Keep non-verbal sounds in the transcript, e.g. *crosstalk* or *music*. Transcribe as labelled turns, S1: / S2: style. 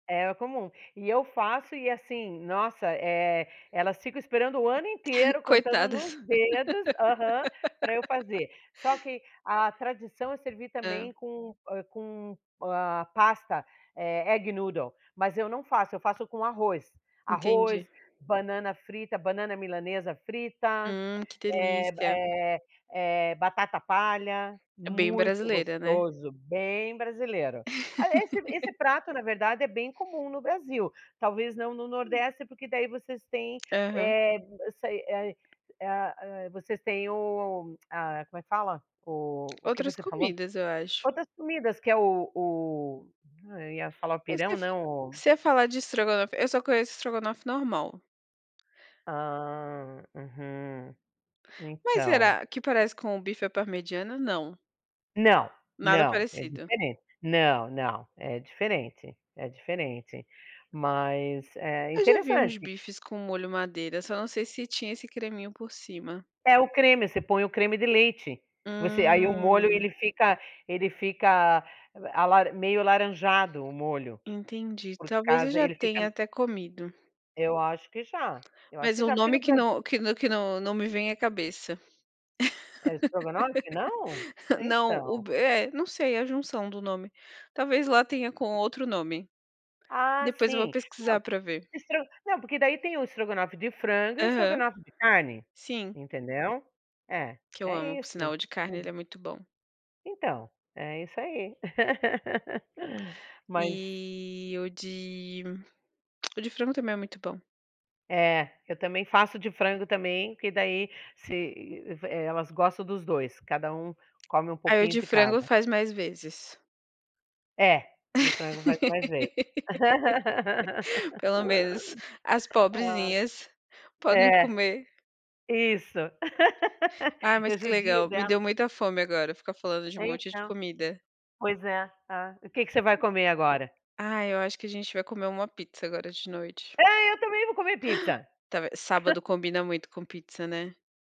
S1: É comum. E eu faço e, assim nossa, eh, elas ficam esperando o ano
S2: *chuckles*
S1: inteiro, contando nos
S2: Coitadas.
S1: dedos aham, pra eu
S2: *laughs*
S1: fazer. Só que a tradição é servir
S2: Hã.
S1: também com, hã, com, ah, pasta, eh, egg noodle, mas eu não faço. Eu faço com arroz. Arroz,
S2: Entendi.
S1: banana frita, banana à milanesa frita,
S2: Hum, que
S1: eh b
S2: delícia!
S1: eh eh, batata palha
S2: É bem
S1: muito
S2: brasileira, né?
S1: gostoso, bem brasileiro. A esse
S2: *laughs*
S1: esse prato, na verdade, é bem comum no Brasil. Talvez não no
S2: Hum.
S1: Nordeste, porque daí vocês têm,
S2: Aham.
S1: eh eu sei. É a é a hã, vocês têm o a como é que fala? O o que
S2: Outras
S1: você falou?
S2: comidas, eu acho.
S1: Outras comidas que é o o ai, eu ia falar o
S2: Mas se é
S1: pirão,
S2: f
S1: não, o
S2: se é falar de estrogonofe, eu só conheço estrogonofe normal.
S1: Ah, uhum.
S2: Mas
S1: Então.
S2: será que parece com o bife à parmegiana? Não.
S1: Não.
S2: Nada
S1: Não. É
S2: parecido.
S1: diferente. Não, não. É diferente. É diferente. Mas, eh,
S2: Eu já vi uns
S1: interessante.
S2: bifes com molho madeira. Só não sei se tinha esse creminho por cima.
S1: É o creme, você põe o creme de leite. Você aí o molho,
S2: Hum.
S1: ele fica ele fica l alaran meio alaranjado, o molho.
S2: Entendi.
S1: Por
S2: Talvez eu
S1: casa,
S2: já
S1: ele
S2: tenha
S1: fica
S2: até comido,
S1: Eu acho que já. Eu acho
S2: Mas
S1: que
S2: o
S1: já, porque
S2: nome
S1: no
S2: que
S1: Bras
S2: não que n que não não me vem à cabeça.
S1: É estrogonofe, não?
S2: *laughs* Não, o
S1: Então.
S2: b é, não sei, é a junção do nome. Talvez lá tenha com outro nome.
S1: Ah,
S2: Depois vou
S1: sim.
S2: pesquisar
S1: Não,
S2: pra ver.
S1: estro não, porque daí tem o estrogonofe de frango e o
S2: Aham.
S1: estrogonofe de carne,
S2: Sim.
S1: entendeu? É.
S2: Que eu amo,
S1: É
S2: por
S1: isso.
S2: sinal. O de carne,
S1: Uhum.
S2: ele é muito bom.
S1: Então, é isso aí. Mas
S2: E o de o de frango também é muito bom.
S1: É, eu também faço de frango também, porque daí se eh, elas gostam dos 2. Cada um come um
S2: Aí o
S1: pouquinho
S2: de
S1: de
S2: frango
S1: cada.
S2: faz mais vezes.
S1: É. De frango faz mais vezes.
S2: *laughs*
S1: *laughs*
S2: Pelo menos as
S1: Ah!
S2: pobrezinhas podem
S1: É.
S2: comer.
S1: Isso. *laughs*
S2: Ah, mas
S1: Eu
S2: que
S1: judio
S2: legal. Me deu
S1: delas.
S2: muita fome agora, ficar falando de um
S1: É,
S2: monte de
S1: então.
S2: comida.
S1: Pois é. Hã, o que que você vai comer agora?
S2: Ah, eu acho que a gente vai comer uma pizza agora de noite.
S1: É, eu também vou comer pizza.
S2: *gasps* Tave sábado
S1: *chuckles*
S2: combina muito com pizza, né?